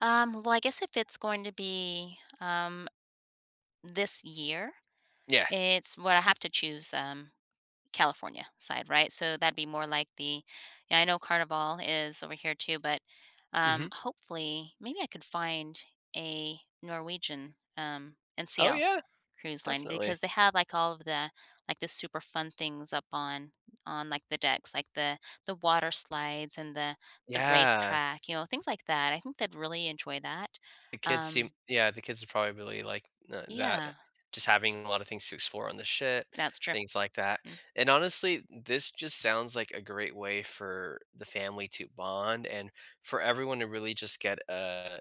Um, well, I guess if it's going to be, um, this year, Yeah. it's well, I have to choose, um, California side, right? So that'd be more like the yeah, I know Carnival is over here too, but, um, Mhm. hopefully maybe I could find a Norwegian, um, Oh, NCL yeah. cruise line Definitely. because they have, like, all of the like, the super fun things up on on, like, the decks, like the the water slides and the the Yeah. racetrack, you know, things like that. I think they'd really enjoy that, The kids seem um yeah, the kids are probably really, like, n that, Yeah. just, having a lot of things to explore on the shed, That's true. things like that. Mm. And, honestly, this just sounds like a great way for the family to bond and for everyone to really just get a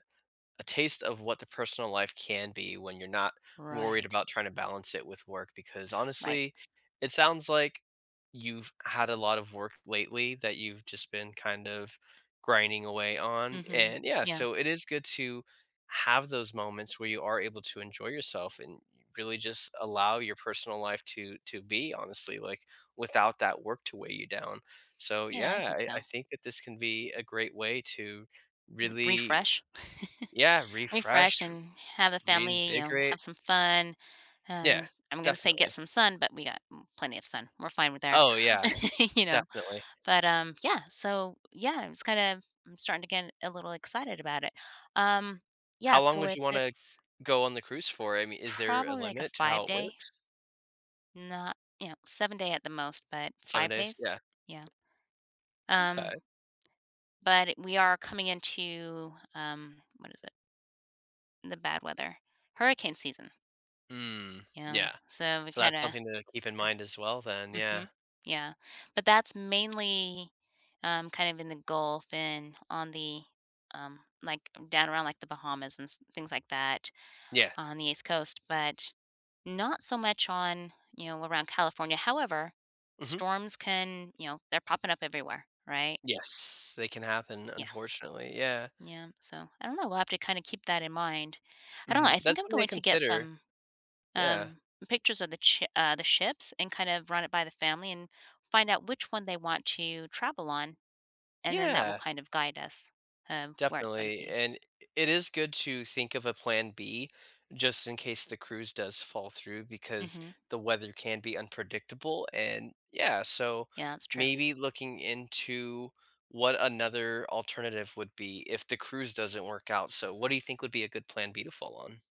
a taste of what the personal life can be when you're not worried Right. about tryna balance it with work because, Right. honestly, it sounds, like, you've had a lot of work lately that you've just been, kind of grinding away on, Mhm. and yeah, Yeah. so, it is good to have those moments where you are able to enjoy yourself and y really just allow your personal life to to be honestly, like, without that work to weigh you down. So, Yeah, I yeah, think I I so. think that this can be a great way to M really refresh. Yeah, Refresh refresh, and have a family you know, reinvigorate have some fun. Yeah. Um, I'm gonna say get Definitely. some sun, but we got m plenty of sun. We're fine with there, Oh, yeah. you know, Definitely. but, um, yeah, so, yeah, I'm, just, kinda, I'm starting to get a little excited about it. Um, yeah, How long so would if you wanna it's go on the cruise for? I mean, is there a Probably, like, a limit to how it five-day. works? Not you know, seven-day at the most, but 7 5 days? days, Yeah. yeah. Okay. Um, but we are coming into um, what is it, the bad weather hurricane season. Mm, You yeah. know? So we, So that's kinda, something to keep in g mind as well then, yeah. mhm, yeah. But that's mainly, um, kind of in The Gulf and on the, um, like, down around, like, The Bahamas and s things like that Yeah. on the East Coast, but not so much on, you know, around California. However, Mhm. storms can you know, they're popping up everywhere, right? Yes. They can happen, Yeah. unfortunately, yeah. Yeah, so I don't know, we'll have to kinda keep that in mind. I don't know, Mhm, I think that's I'm something to going to get consider. some, Yeah. um, pictures of the ch uh, the ships and kind of run it by the family and find out which one they want to travel on, and then that will Yeah. kind of guide us, um, where it's gonna Definitely, be. and i i it is good to think of a plan B just in case the cruise does fall through because Mhm. the weather can be unpredictable, and Yeah, so Yeah, that's true. maybe looking into what another alternative would be if the cruise doesn't work out, so what do you think would be a good plan B to fall on?